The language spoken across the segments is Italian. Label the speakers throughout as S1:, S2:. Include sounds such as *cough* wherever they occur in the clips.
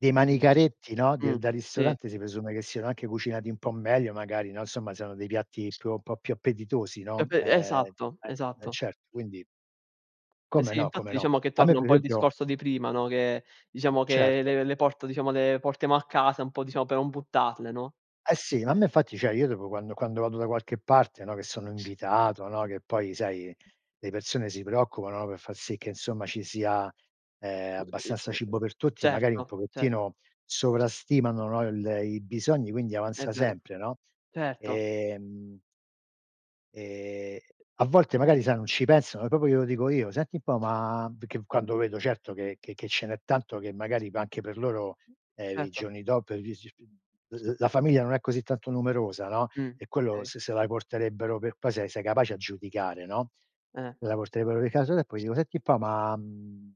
S1: Dei
S2: Mh.
S1: manicaretti, no,
S2: Mh,
S1: del da
S2: sì.
S1: ristorante si presume che siano anche cucinati un po' meglio magari, no, insomma, siano dei piatti più un po' più appetitosi, no?
S2: Proprio
S1: Ehm
S2: esatto,
S1: eh eh
S2: esatto.
S1: certo, quindi
S2: Eh
S1: Come
S2: sì
S1: no, come
S2: infatti
S1: no.
S2: diciamo che
S1: A me
S2: torna un
S1: per
S2: po' il
S1: esempio
S2: discorso di prima, no, che diciamo che
S1: Certo.
S2: le le porto diciamo le portiamo a casa un po', diciamo, per non buttarle, no,
S1: Eh sì, ma a
S2: eh.
S1: me infatti cioè io dopo quando quando vado da qualche parte, no, che sono invitato, no, che poi sai le persone si preoccupano, no, per far sì che insomma ci sia ehm abbastanza cibo per tutti, magari
S2: Certo,
S1: un
S2: certo.
S1: pochettino sovrastimano, no, il i bisogni quindi
S2: È
S1: avanza
S2: vero,
S1: sempre, no,
S2: certo.
S1: e mhmm e a volte magari sai non ci pensano e proprio glielo dico io: "Senti un po' ma" perché quando vedo certo che che che ce n'è tanto che magari va anche per loro ehm i
S2: Certo.
S1: giorni dop *unintelligible* l l la famiglia non è così tanto numerosa, no,
S2: Mh,
S1: e quello
S2: okay.
S1: se se la porterebbero per qua se sei capace a giudicare, no,
S2: Eh.
S1: se la porterebbero di casa e poi io: "Senti un po' ma mhmm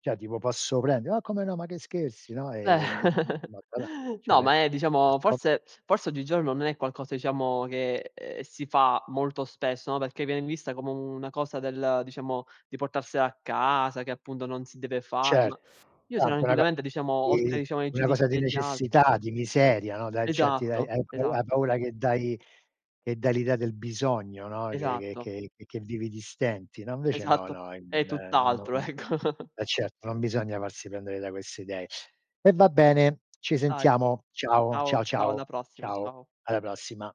S1: cioè tipo posso prendere", "ma come no, ma che scherzi?" no,
S2: Eh,
S1: e de de *unintelligible* cioè a
S2: no,
S1: me
S2: ma è diciamo
S1: *unintelligible*
S2: forse *sniffs* forse oggigiorno non è qualcosa diciamo che ehm si fa molto spesso, no, perché viene vista come una cosa del diciamo di portarsela a casa che appunto non si deve fare, ma
S1: Certo,
S2: io
S1: a anche una co
S2: tranquillamente diciamo oltre
S1: di
S2: diciamo ai
S1: una
S2: giudizi
S1: cosa di
S2: degli altri
S1: necessità, di miseria, no, dai, accetti dai, e
S2: Esatto,
S1: hai pau hai
S2: esatto.
S1: paura che dai che dai l'idea del bisogno, no, che
S2: Esatto.
S1: che che che vivi di stenti, no? Invece no,
S2: Esatto,
S1: no e
S2: è
S1: non no
S2: tutt'altro ecco. *chuckles*
S1: eh certo non bisogna farsi prendere da queste idee. E va bene, ci
S2: Dai.
S1: sentiamo. Ciao,
S2: Ciao,
S1: ciao,
S2: ciao
S1: ciao,
S2: alla prossima,
S1: ciao,
S2: ciao.
S1: alla prossima.